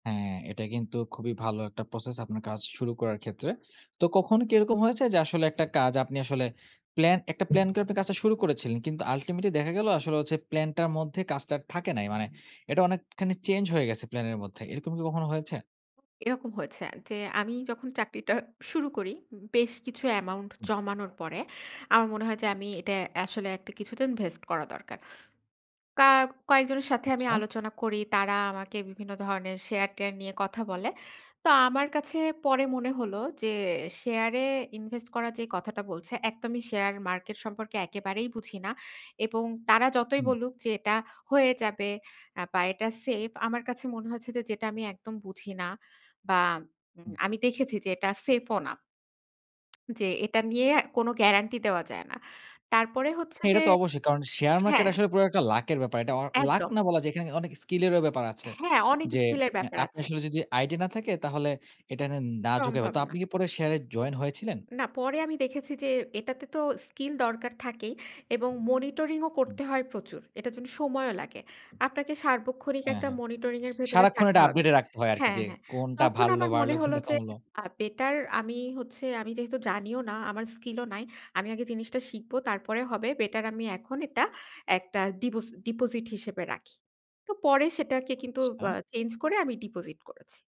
হ্যাঁ, এটা কিন্তু খুবই ভালো একটা process আপনার কাজ শুরু করার ক্ষেত্রে। তো কখন কি এরকম হয়েছে যে আসলে একটা কাজ আপনি আসলে প্লান একটা প্ল্যান করে আপনি কাজটা শুরু করেছিলেন। কিন্তু ultimately দেখা গেল আসলে হচ্ছে প্লানটার মধ্যে কাজটা আর থাকে নাই। মানে এটা অনেকখানি চেঞ্জ হয়ে গেছে প্ল্যান এর মধ্যে। এরকম কি কখনো হয়েছে? এরকম হয়েছে আ যে আমি যখন চাকরিটা শুরু করি, বেশ কিছু amaount উম জমানোর পরে, আমার মনে হয় যে আমি এটা আসলে একটা কিছুদিন invest করা দরকার। কা কয়েকজনের সাথে আমি আচ্ছা। আলোচনা করি। তারা আমাকে বিভিন্ন ধরনের শেয়ার-টেয়ার নিয়ে কথা বলে। তো আমার কাছে পরে মনে হলো যে শেয়ার এ ইনভেস্ট করা যে কথাটা বলছে একদমই শেয়ার মার্কেট সম্পর্কে একেবারেই বুঝি না। এবং তারা যতই হুম। বলুক যে, এটা হয়ে যাবে আ বা এটা সেফ আমার কাছে মনে হচ্ছে যে যেটা আমি একদম বুঝি না। বা উম হুম। আমি দেখেছি যে এটা সেফ ও না। যে এটা নিয়ে কোনো গ্যারান্টি দেওয়া যায় না। তারপরে হচ্ছে হ্যাঁ, এটা যে তো অবশ্যই। কারণ শেয়ার মার্কেট হ্যাঁ। আসলে পুরা একটা লাকের ব্যাপার। এটা অ লাক একদম। না বলা যে এখানে অনেক skill এরও ব্যাপার আছে। হ্যাঁ অনেক যে স্কিল এর এ ব্যাপার আপনার আছে। আসলে যদি আইডিয়া না থাকে তাহলে এটা না ঝুঁকাই ভা সম্ভব তো না। আপনি কি পরে শেয়ার এ জয়েন হয়েছিলেন? না পরে আমি দেখেছি যে এটাতে তো স্কিল দরকার থাকেই, এবং monitoring ও হুম। করতে হয় প্রচুর। এটার জন্য সময়ও লাগে। আপনাকে সার্বক্ষণিক হ্যাঁ, একটা হ্যাঁ। monitoring এর ভেতরে সারাক্ষণ থাকতে এটা হবে update এ রাখতে হয় আরকি হ্যাঁ, যে হ্যাঁ। কোনটা তখন বাড়লো- আমার মনে বাড়লো হল কোনটা যে কমল। আ বেটার আমি হচ্ছে আমি যেহেতু জানিও না আমার স্কিল ও নাই। আমি আগে জিনিসটা শিখবো তারপরে হবে বেটার আমি এখন এটা একটা ডিপোজ ডিপোজিট হিসেবে রাখি। তো পরে সেটাকে কিন্তু আচ্ছা। আ চেঞ্জ করে আমি ডিপোজিট করেছি।